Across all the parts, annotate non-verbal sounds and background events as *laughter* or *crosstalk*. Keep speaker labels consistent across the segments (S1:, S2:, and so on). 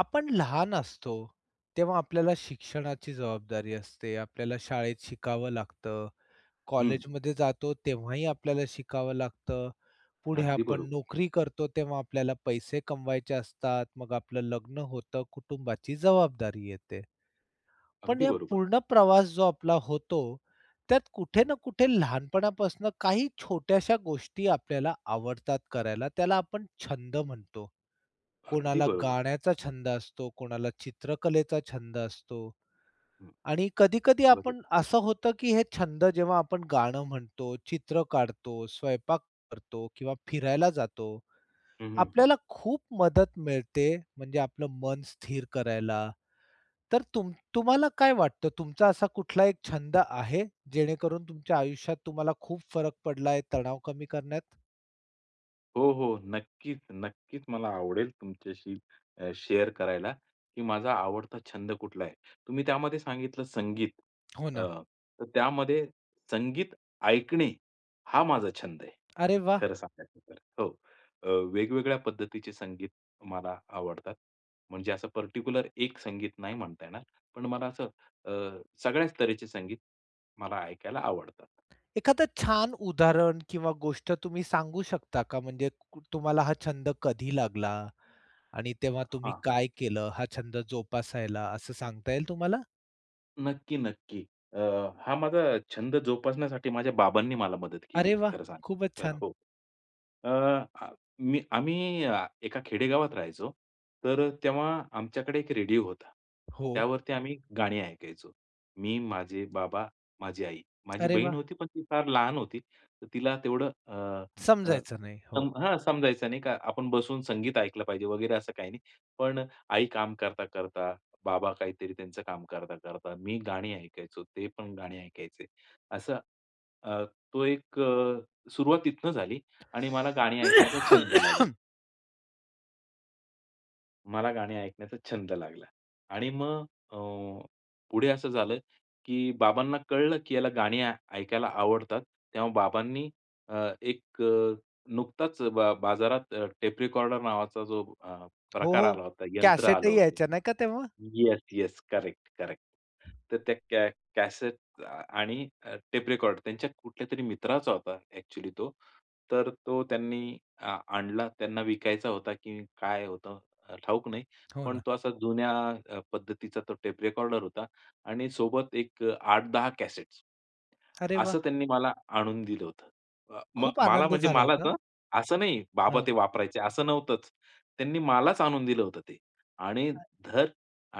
S1: आपण लहान असतो तेव्हा आपल्याला शिक्षणाची जबाबदारी असते. आपल्याला शाळेत शिकावं लागतं.
S2: हं.
S1: कॉलेजमध्ये जातो तेव्हाही आपल्याला शिकावं लागतं. पुढे
S2: अगदी
S1: आपण
S2: बरोबर.
S1: नोकरी करतो तेव्हा आपल्याला पैसे कमवायचे असतात. मग आपलं लग्न होतं. कुटुंबाची जबाबदारी येते. पण
S2: अगदी
S1: या
S2: बरोबर.
S1: पूर्ण प्रवास जो आपला होतो, त्यात कुठे
S2: हं.
S1: ना कुठे लहानपणापासून काही छोट्याश्या गोष्टी आपल्याला आवडतात करायला. त्याला आपण छंद म्हणतो.
S2: अगदी
S1: कोणाला
S2: बरोबर.
S1: गाण्याचा छंद असतो, कोणाला चित्रकलेचा छंद असतो.
S2: हं.
S1: आणि कधी-कधी आपण
S2: बरोबर.
S1: असं होतं, की हे छंद जेव्हा आपण गाणं म्हणतो, चित्र काढतो, स्वयंपाक करतो किंवा फिरायला जातो,
S2: हं, हं, हं.
S1: आपल्याला खूप मदत मिळते म्हणजे आपलं मन स्थिर करायला. तर तुम तुम्हाला काय वाटतं तुमचा असा कुठला एक छंद आहे जेणेकरून तुमच्या आयुष्यात तुम्हाला खूप फरक पडलाय तणाव कमी करण्यात?
S2: हो, हो. नक्कीच, नक्कीच मला आवडेल तुमच्याशी अ, शेअर करायला, की माझा आवडता छंद कुठला आहे. तुम्ही त्यामध्ये सांगितलं संगीत
S1: हो
S2: अ,
S1: ना.
S2: तर त्यामध्ये संगीत ऐकणे हा माझा छंद आहे.
S1: अरे वाह!
S2: खरं सांगायचं तर. हो अ, वेगवेगळ्या पद्धतीचे संगीत मला आवडतात. म्हणजे असं पर्टिक्युलर एक संगीत नाही म्हणता येणार. पण मला असं अ, सगळ्याच तऱ्हेचे संगीत मला ऐकायला आवडतात.
S1: एखादं छान उदाहरण किंवा गोष्ट तुम्ही सांगू शकता का म्हणजे कु तुम्हाला हा छंद कधी लागला आणि तेव्हा तुम्ही
S2: हां.
S1: काय केलं हा छंद जोपासायला असं सांगता येईल तुम्हाला?
S2: नक्की, नक्की. अ, हा माझा छंद जोपासण्यासाठी माझ्या बाबांनी मला मदत केली
S1: अरे
S2: होती,
S1: वाह!
S2: खरं सांगायचं
S1: खूपच
S2: तर
S1: छान.
S2: हो, अ, मी आम्ही अ, एका खेडेगावात राहायचो. तर तेव्हा आमच्याकडे एक रेडिओ होता.
S1: हो.
S2: त्यावरती आम्ही गाणी ऐकायचो. मी, माझे बाबा, माझी आई, माझी
S1: अरे
S2: बहीण
S1: वाह!
S2: होती पण ती फार लहान होती. तिला तेवढं अ, अ,
S1: समजायचं नाही, हो.
S2: सम हां, समजायचं नाही का आपण बसून संगीत ऐकलं पाहिजे वगैरे असं काही नाही. पण आई काम करता-करता, बाबा काहीतरी त्यांचं काम करता-करता मी गाणी ऐकायचो. ते पण गाणी ऐकायचे असं, अ, तो एक अ, सुरुवात तिथून झाली आणि मला गाणी ऐकण्याचा छंद लागला.
S1: *coughs*
S2: मला गाणी ऐकण्याचा छंद लागला आणि मग अ, पुढे असं झालं, की बाबांना कळलं, की याला गाणी ऐ ऐकायला आवडतात. तेव्हा बाबांनी अ, एक अ, नुकताच अ, बा बाजारात अ, टेप रिकॉर्डर नावाचा जो अ,
S1: हो,
S2: प्रकार
S1: हो.
S2: आला होता, यंत्र आलं
S1: कॅसेटही
S2: होतं.
S1: यायच्या नाही का तेव्हा?
S2: Yes, yes. Correct, correct. तर त्या कॅ कॅसेट आ, आणि अ, टेप रेकॉर्डर त्यांच्या कुठल्यातरी मित्राचा होता ॲक्चुअली तो. तर तो त्यांनी आ आणला. त्यांना विकायचा होता, की काय होतं अ, ठाऊक नाही.
S1: हो
S2: पण
S1: ना.
S2: तो असा जुन्या पद्धतीचा अ, तो टेप रेकॉर्डर होता आणि सोबत एक अ, 8-10 कॅसेट्स.
S1: अरे
S2: असं
S1: वाह!
S2: त्यांनी मला, आणून दिलं होतं. अ, म
S1: खूप
S2: मला
S1: आनंद
S2: म्हणजे
S1: झाला
S2: मलाच
S1: होता.
S2: हं. असं नाही बाबा
S1: हां.
S2: ते वापरायचे, असं नव्हतंच. त्यांनी मलाचं आणून दिलं होतं ते आणि
S1: अ.
S2: धर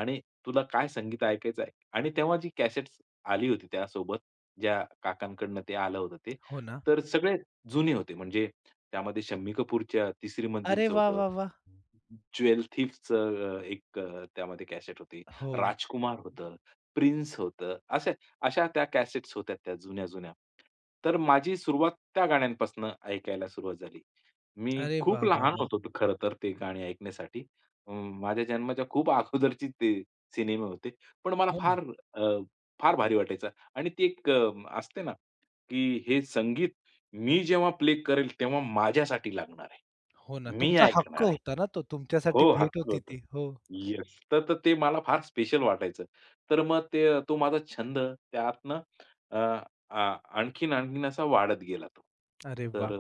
S2: आणि तुला काय संगीत ऐकायचं आहे ऐक आणि तेव्हा जी कॅसेट्स आली होती त्यासोबत, ज्या काकांकडून ते आलं होतं ते.
S1: हो ना?
S2: तर सगळे जुने होते म्हणजे त्यामध्ये शम्मी कपूरच्या तिसरी
S1: अरे
S2: मंजिलचं
S1: वाह,
S2: होतं.
S1: वाह, वाह!
S2: ज्वेलथीफचं अ, एक अ, त्यामध्ये कॅसेट होती.
S1: हो.
S2: राजकुमार होतं, प्रिन्स होतं असं अशा त्या कॅसेट्स होत्या त्या जुन्या-जुन्या. तर माझी सुरुवात त्या गाण्यांपासनं ऐकायला सुरुवात झाली. मी
S1: अरे
S2: खूप
S1: वाह, वाह,
S2: लहान
S1: वाह!
S2: होतो खरं तर ते गाणी ऐकण्यासाठी. म माझ्या जन्माच्या खूप अगोदरचे ते सिनेमे होते. पण मला
S1: हो
S2: फार
S1: ना.
S2: अ, फार भारी वाटायचं आणि ती एक अ, असते ना, की हे संगीत मी जेव्हा प्ले करेल तेव्हा माझ्यासाठी लागणार
S1: हो ना,
S2: आहे. मी
S1: तुमचा हक्क
S2: ऐकणार आहे
S1: होता ना, तो तुमच्यासाठी
S2: हो,
S1: भेट
S2: हक्क
S1: होती
S2: होतं,
S1: ती, हो.
S2: येस. तर तर ते मला फार स्पेशल वाटायचं. तर मग ते अ, तो माझा छंद त्यातनं अ, अ, आणखीन-आणखीन असा वाढत गेला तो.
S1: अरे
S2: तर
S1: वाह!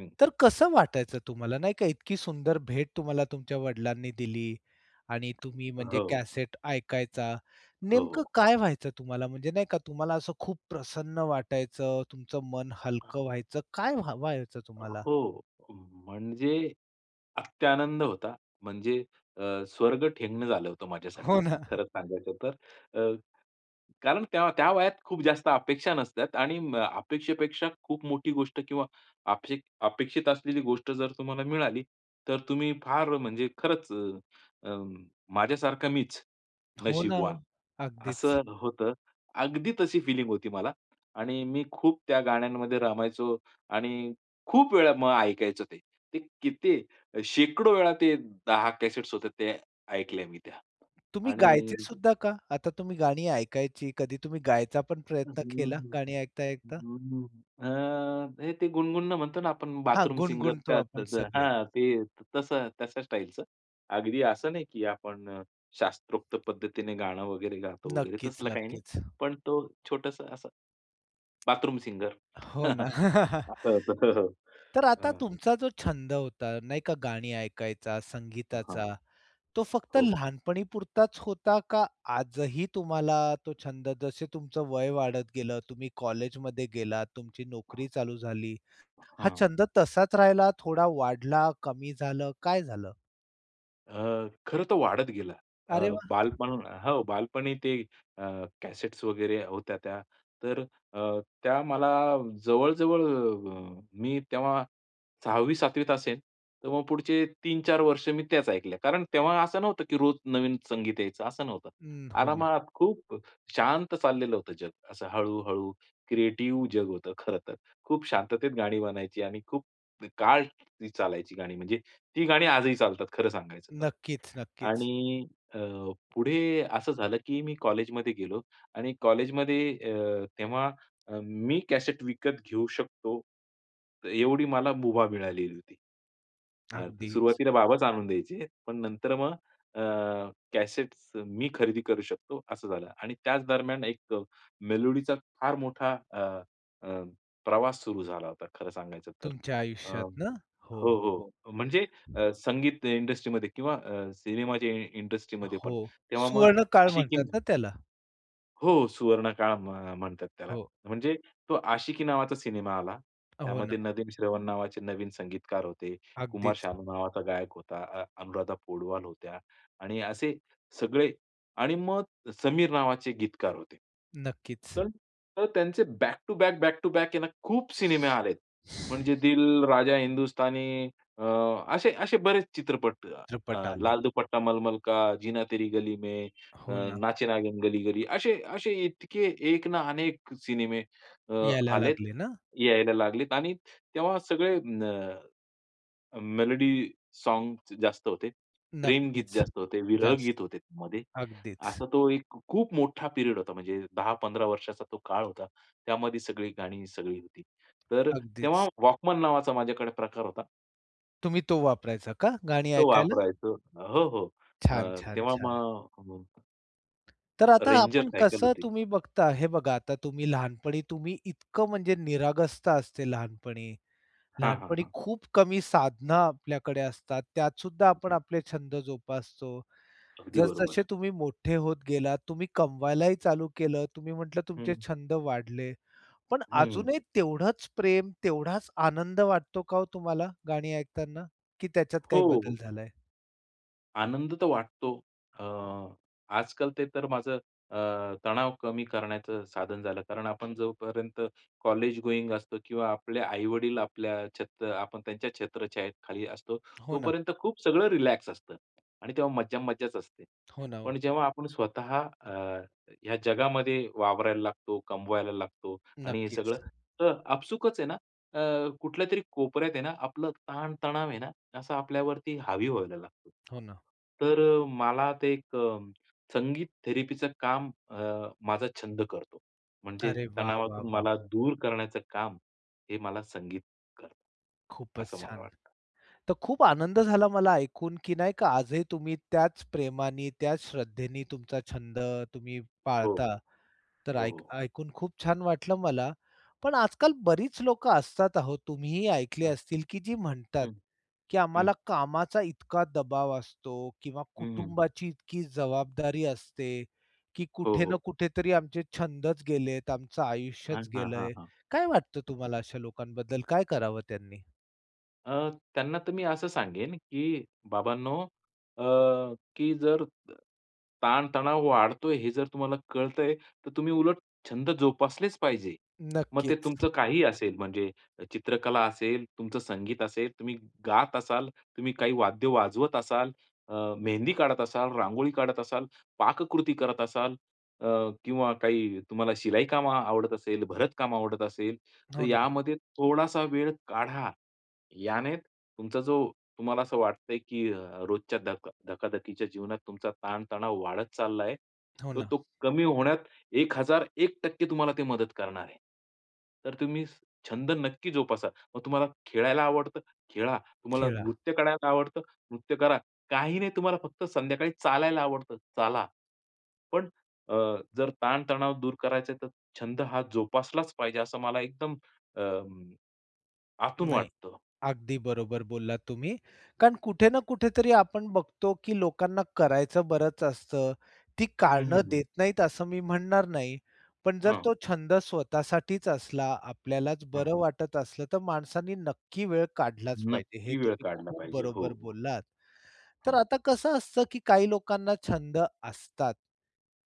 S2: हं.
S1: तर कसं वाटायचं तुम्हाला नाही का? इतकी सुंदर भेट तुम्हाला तुमच्या वडिलांनी दिली आणि तुम्ही म्हणजे
S2: हो.
S1: कॅसेट ऐकायचा.
S2: हो,
S1: नेमकं
S2: हो.
S1: काय व्हायचं तुम्हाला म्हणजे नाही का? तुम्हाला असं खूप प्रसन्न वाटायचं, तुमचं मन हलकं व्हायचं काय व्हा व्हायचं तुम्हाला?
S2: हो, म्हणजे अत्यानंद होता. म्हणजे अ, स्वर्ग ठेंगणं झालं होतं माझ्यासाठी,
S1: हो ना.
S2: खरंच सांगायचं तर. अ, कारण त्या त्या वयात खूप जास्त अपेक्षा नसतात आणि म अपेक्षेपेक्षा खूप मोठी गोष्ट किंवा अपे अपेक्षित असलेली गोष्ट जर तुम्हाला मिळाली तर तुम्ही फार म्हणजे खरंच अ, अ, माझ्यासारखं मीच,
S1: हो ना,
S2: नशीबवान.
S1: अगदीच.
S2: असं होतं. अगदी तशी होती मला आणि मी खूप त्या गाण्यांमध्ये रमायचो आणि खूप वेळा मग ऐकायचं ते. ते किती शेकडो वेळा ते 10 कॅसेट्स होते ते ऐकल्या मी त्या
S1: तुम्ही
S2: आणि
S1: गायचे सुद्धा का? आता तुम्ही गाणी ऐकायची कधी तुम्ही गायचा पण प्रयत्न केला?
S2: *humming* अ,
S1: गाणी ऐकता-ऐकता.
S2: हे ते गुणगुण म्हणतो ना, आपण मगं
S1: हां,
S2: बाथरूम सिंगर,
S1: गुणगणतो
S2: तर
S1: आपण
S2: तसं
S1: सगळे.
S2: हां, ते तसं तशा स्टाईलचं. अगदी असं नाही, की आपण अ, शास्त्रोक्त पद्धतीने गाणं वगैरे गातो वगैरे
S1: नक्कीच,
S2: तसलं काही नाही.
S1: नक्कीच.
S2: पण तो छोटंसं असं, बाथरूम सिंगर
S1: हो ना.
S2: *chuckles* असा होता. हो, हो,
S1: *chuckles* तर आता
S2: हं.
S1: तुमचा जो छंद होता नाही का? गाणी ऐकायचा,
S2: हां, हां.
S1: संगीताचा तो फक्त
S2: हो.
S1: लहानपणी पुरताचं होता का? आजही तुम्हाला तो छंद जसे तुमचं वय वाढत गेलं, तुम्ही कॉलेजमध्ये गेलात, तुमची नोकरी चालू झाली, हा
S2: हं.
S1: छंद तसाचं राहिला, थोडा वाढला कमी झालं, काय झालं?
S2: अ, खरंतर वाढत गेला. अ,
S1: अरे वाह!
S2: बालपण हो बालपणी ते अ, कॅसेट्स वगैरे होत्या त्या. तर अ, त्या मला जवळ-जवळ मी तेव्हा 6वी-7वीत असेन, तर मग पुढचे 3-4 वर्ष मी त्याच ऐकल्या. कारण तेव्हा असं नव्हतं की रोज नवीन संगीत यायचं, असं नव्हतं.
S1: हं. हो ना.
S2: आरामात खूप शांत चाललेलं होतं जग. असं हळू-हळू क्रिएटिव जग होतं खरंतर. खूप शांततेत गाणी बनायची आणि खूप काळ ती चालायची गाणी. म्हणजे ती गाणी आजही चालतात खरं सांगायचं तर.
S1: नक्कीच, नक्कीच.
S2: आणि अ, पुढे असं झालं की मी कॉलेजमध्ये गेलो आणि कॉलेजमध्ये अ, तेव्हा अ, मी कॅसेट विकत घेऊ शकतो, एवढी मला मुभा मिळालेली होती. अ,
S1: अगदीच.
S2: सुरुवातीला बाबाच आणून द्यायचे, पण नंतर मग अ, कॅसेट्स मी खरेदी करू शकतो असं झालं. आणि त्याच दरम्यान एक अ, मेलोडीचा फार मोठा अ, अ, प्रवास सुरू झाला होता, खरं सांगायचं तर.
S1: तुमच्या
S2: अ,
S1: आयुष्यातनं? हो,
S2: हो,
S1: हो,
S2: हो,
S1: हो.
S2: म्हणजे अ, संगीत इंडस्ट्रीमध्ये किंवा अ, सिनेमाचे इंडस्ट्रीमध्ये पण.
S1: हो.
S2: तेव्हा मग
S1: सुवर्णकाळ
S2: आशिकी
S1: म्हणतात ना त्याला?
S2: हो सुवर्णकाळ म्ह म्हणतात त्याला.
S1: हो.
S2: म्हणजे तो आशिकी नावाचा सिनेमा आला.
S1: हो ना.
S2: त्यामध्ये नदीम श्रवण नावाचे नवीन संगीतकार होते. कुमार
S1: अगदीच.
S2: शानू नावाचा गायक होता. अ अनुराधा पौडवाल होत्या आणि असे सगळे आणि मग समीर नावाचे गीतकार होते.
S1: नक्कीच.
S2: तर, तर त्यांचे back to back, back to back आहे ना खूप सिनेमे आलेत. म्हणजे दिल, राजा हिंदुस्तानी अ, असे असे बरेच चित्रपट अ,
S1: चित्रपट
S2: लाल
S1: आले.
S2: दुपट्टा मलमल का, जिना तेरी गली में, अ,
S1: हो ना.
S2: नाचे नागीन गली गली. असे, असे इतके एक ना, अनेक सिनेमे अ,
S1: यायला
S2: आलेत,
S1: लागले ना?
S2: यायला लागलेत आणि तेव्हा सगळे अ, अ, मेलोडी सोंग्झ जास्त होते. प्रेमगीत
S1: नक्कीच.
S2: जास्त होते. विरह
S1: जास्तं.
S2: गीत होते त्यामध्ये.
S1: अगदीच.
S2: असा तो एक खूप मोठा पिरियड होता. म्हणजे 10-15 वर्षाचा तो काळ होता. त्यामध्ये सगळी गाणी सगळी होती. तर
S1: अगदीच.
S2: तेव्हा वॉकमन नावाचा माझ्याकडे प्रकार होता.
S1: तुम्ही तो वापरायचा का, गाणी
S2: तो
S1: ऐकायला?
S2: वापरायचो. हो, हो.
S1: छान,
S2: अ
S1: छान,
S2: तेव्हा
S1: छान!
S2: मग हं.
S1: तर आता
S2: Ranger
S1: आपण
S2: सायकल
S1: कसं
S2: होती.
S1: तुम्ही बघता हे बघा आता तुम्ही लहानपणी तुम्ही इतकं म्हणजे निरागसता असते लहानपणी.
S2: हां, हां,
S1: लहानपणी
S2: हां.
S1: खूप कमी साधनं आपल्याकडे असतात. त्यात सुद्धा आपण आपले छंद जोपासतो.
S2: अगदी
S1: जसजसे
S2: बरोबर.
S1: तुम्ही मोठे होत गेलात, तुम्ही कमवायलाही चालू केलं. तुम्ही म्हटलं तुमचे
S2: हं.
S1: छंद वाढले. पण
S2: हं.
S1: अजूनही तेवढंच प्रेम, तेवढाच आनंद वाटतो का हो तुम्हाला गाणी ऐकताना की त्याच्यात
S2: हो,
S1: काही
S2: हो.
S1: बदल झालाय?
S2: आनंद तर वाटतो. अ, आजकाल ते तर माझं अ, तणाव कमी करण्याचं साधन झालं. कारण आपण जोपर्यंत कॉलेज गोइंग असतो किंवा आपले आई-वडील आपल्या छत अ, आपण त्यांच्या छत्रछायेत खाली असतो,
S1: हो ना.
S2: तोपर्यंत खूप सगळं रिलॅक्स असतं आणि तेव्हा मज्जा-मज्जाच असते.
S1: हो ना, हो.
S2: पण जेव्हा आपण स्वतः अ, या जगामध्ये वावरायला लागतो, कमवायला लागतो आणि हे सगळं
S1: नक्कीच.
S2: तर आपसूकच आहे ना, अ, कुठल्यातरी कोपऱ्यात आहे ना, आपला ताण तणाव आहे ना, असं आपल्यावरती हावी व्हायला लागतो.
S1: हो ना.
S2: तर अ, मला ते एक अं, संगीत थेरपीचं काम अ, माझा छंद करतो. म्हणजे
S1: अरे वाह, वाह,
S2: तणावातून
S1: वाह!
S2: मला दूर करण्याचं काम, हे मला संगीत करतं,
S1: खूपच
S2: असं मला
S1: छान!
S2: वाटतं.
S1: तर खूप आनंद झाला मला ऐकून, की नाही का, आजही तुम्ही त्याच प्रेमानी, त्याच श्रद्धेने तुमचा छंद तुम्ही
S2: हो,
S1: पाळता. तर
S2: हो,
S1: ऐक
S2: हो.
S1: ऐकून खूप छान वाटलं मला. पण आजकाल बरीच लोकं असतात आहो, तुम्हीही ऐकले
S2: हां.
S1: असतील, की जी म्हणतात,
S2: हं,
S1: की आम्हाला
S2: हं.
S1: कामाचा इतका दबाव असतो किंवा
S2: हं, हं.
S1: कुटुंबाची इतकी जबाबदारी असते, की
S2: हो,
S1: कुठे ना
S2: हो.
S1: कुठेतरी आमचे छंदच गेलेत, आमचं
S2: हां,
S1: आयुष्यच
S2: हां, हां,
S1: गेलंय,
S2: हां.
S1: काय वाटतं तुम्हाला अशा लोकांबद्दल? काय करावं त्यांनी?
S2: अ, त्यांना तर मी असं सांगेन, की बाबांनो, अ, की अ, जर ताणतणाव वाढतोय हे जर तुम्हाला कळतंय, तर तुम्ही उलट छंद जोपासलेच पाहिजे. मग ते
S1: नक्कीच.
S2: तुमचं काहीही असेल, म्हणजे चित्रकला असेल, तुमचं संगीत असेल, तुम्ही गात असाल, तुम्ही काही वाद्य वाजवत असाल, अ, मेहंदी काढत असाल, रांगोळी काढत असाल, पाककृती करत असाल, अ, किंवा काही तुम्हाला शिलाई काम आवडत असेल, भरत काम आवडत असेल, तर
S1: हो ना.
S2: यामध्ये थोडासा वेळ काढा. याने तुमचा जो तुम्हाला असं वाटतंय, की अ, रोजच्या धक धकाधकीच्या जीवनात तुमचा ताणतणाव वाढत चालला आहे.
S1: हो
S2: तर
S1: ना.
S2: तो कमी होण्यात 1001% तुम्हाला ते मदत करणार आहे. तर तुम्ही छंद नक्की जोपासा. मग तुम्हाला खेळायला आवडतं, खेळा. तुम्हाला
S1: खेळा.
S2: नृत्य करायला आवडतं, नृत्य करा. काही नाही तुम्हाला फक्त संध्याकाळी चालायला आवडतं, चाला. पण अ, जर ताणतणाव दूर करायचा आहे, तर छंद हा जोपासलाच पाहिजे, असं मला एकदम अं, आतून
S1: नाही.
S2: वाटतं.
S1: अगदी बरोबर बोललात तुम्ही, कारण कुठे ना कुठेतरी आपण बघतो, की लोकांना करायचं बरंच असतं. ती
S2: हं,
S1: कारणं
S2: हं, हं.
S1: देत नाहीत, असं मी म्हणणार नाही. पण जर तो
S2: हां.
S1: छंद स्वतःसाठीच असला, आपल्यालाच
S2: हां.
S1: बरं वाटत असलं, तर माणसाने नक्की वेळ काढलाच पाहिजे, हे
S2: नक्की वेळ
S1: तुम्ही
S2: काढला
S1: खूप
S2: पाहिजे. हो,
S1: बरोबर
S2: हो.
S1: बोललात. तर
S2: हां.
S1: आता कसं असतं, की काही लोकांना छंद असतात.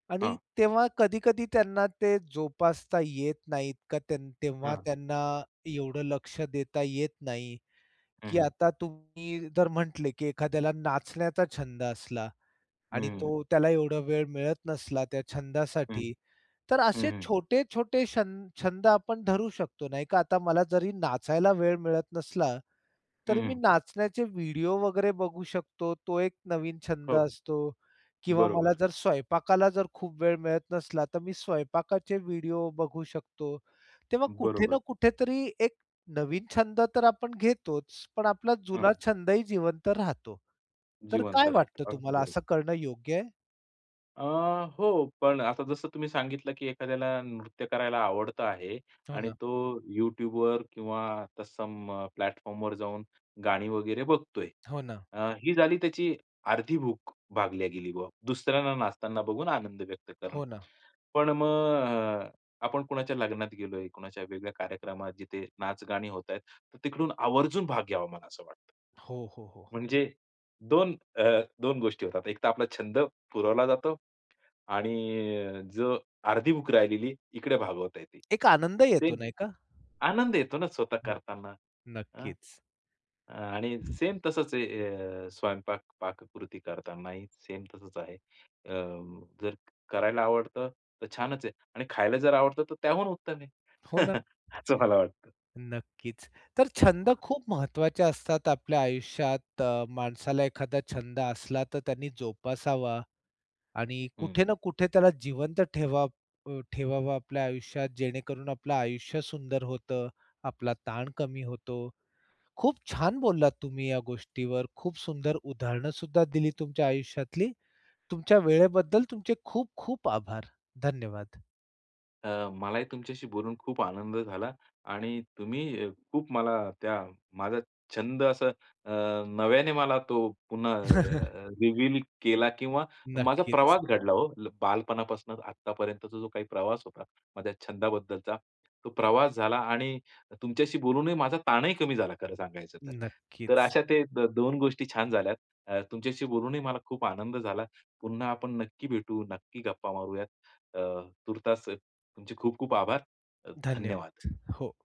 S1: आणि
S2: हां.
S1: तेव्हा कधी-कधी त्यांना ते जोपासता येत नाहीत, का तेन तेव्हा
S2: हां.
S1: त्यांना एवढं लक्ष देता येत नाही,
S2: हं,
S1: की
S2: हं.
S1: आता तुम्ही जर म्हटले, की एखाद्याला नाचण्याचा छंद असला आणि
S2: हं.
S1: तो त्याला एवढा वेळ मिळत नसला त्या
S2: हं,
S1: छंदासाठी, तर
S2: हं,
S1: असे
S2: हं.
S1: छोटे-छोटे छ छंद आपण धरू शकतो, नाही का? आता मला जरी नाचायला वेळ मिळत नसला, तर
S2: हं,
S1: मी
S2: हं.
S1: नाचण्याचे व्हिडिओ वगैरे बघू शकतो, तो एक नवीन छंद
S2: हो.
S1: असतो किंवा मला
S2: बरोबर.
S1: जर स्वयंपाकाला जर खूप वेळ मिळत नसला, तर मी स्वयंपाकाचे व्हिडिओ बघू शकतो. तेव्हा कुठे ना
S2: बरोबर.
S1: कुठेतरी एक नवीन छंद तर आपण घेतोच, पण आपला जुना
S2: हां.
S1: छंदही जिवंत राहतो. तर
S2: जिवंत
S1: काय वाटतं
S2: राहतं. अगदी
S1: तुम्हाला
S2: बरोबर.
S1: असं करणं योग्य आहे?
S2: अ, हो, पण आता जसं तुम्ही सांगितलं, की एखाद्याला नृत्य करायला आवडतं आहे
S1: हो
S2: आणि
S1: ना.
S2: तो YouTubeवर किंवा तर सम प्लॅटफॉर्मवर जाऊन गाणी वगैरे बघतोय.
S1: हो ना.
S2: अ, ही झाली त्याची अर्धी भूक भागल्या गेली बुवा. दुसऱ्यांना नाचताना बघून आनंद व्यक्त करणे.
S1: हो ना.
S2: पण मग अ, आपण कुणाच्या लग्नात गेलोय, कुणाच्या वेगळ्या कार्यक्रमात जिथे नाच-गाणी होत आहेत, तर तिकडून आवर्जून भाग घ्यावा, मला असं वाटतं.
S1: हो, हो, हो.
S2: म्हणजे 2 अ, 2 गोष्टी होतात. एकतर आपला छंद पुरवला जातो आणि अ, जो अर्धी भूक राहिलेली इकडे भागवता येते.
S1: एक आनंद येतो,
S2: सेम
S1: नाही का.
S2: आनंद येतो ना स्वतः
S1: हो.
S2: करताना. हं.
S1: नक्कीच.
S2: आणि सेम तसंच आहे अ, स्वयंपाक पाककृती करतानाही, सेम तसंच आहे. अ, जर करायला आवडतं, तर छानच आहे. आणि खायला जर आवडतं, तर त्याहून उत्तम आहे.
S1: हो ना.
S2: *chuckles* असं मला वाटतं.
S1: नक्कीच. तर छंद खूप महत्त्वाचे असतात आपल्या आयुष्यात. अ, माणसाला एखादा छंद असला, तर त्यांनी जोपासावा आणि
S2: हं.
S1: कुठे ना कुठे त्याला जिवंत ठेवावं अ, ठेवावा आपल्या आयुष्यात, जेणेकरून आपलं आयुष्य सुंदर होतं, आपला ताण कमी होतो. खूप छान बोललात तुम्ही या गोष्टीवर. खूप सुंदर उदाहरण सुद्धा दिली तुमच्या आयुष्यातली. तुमच्या वेळेबद्दल तुमचे खूप खूप आभार. धन्यवाद.
S2: अ, मलाही तुमच्याशी बोलून खूप आनंद झाला आणि तुम्ही खूप मला त्या माझा छंद असं अ, नव्याने मला तो पुन्हा अ,
S1: *chuckles*
S2: रिव्हील केला किंवा माझा
S1: नक्कीच.
S2: प्रवास घडला ओ. बालपणापासून आत्तापर्यंतचा जो काही प्रवास होता माझ्या छंदाबद्दलचा, तो प्रवास झाला आणि तुमच्याशी बोलूनही माझा ताणही कमी झाला, खरं सांगायचं तर. तर
S1: नक्कीच.
S2: अशा त्या 2 गोष्टी छान झाल्या. तुमच्याशी बोलूनही मला खूप आनंद झाला. पुन्हा आपण नक्की भेटू, नक्की गप्पा मारूयात. अ, तूर्तास तुमचे खूप खूप आभार. अ, धन्यवाद.
S1: धन्यवाद. हो.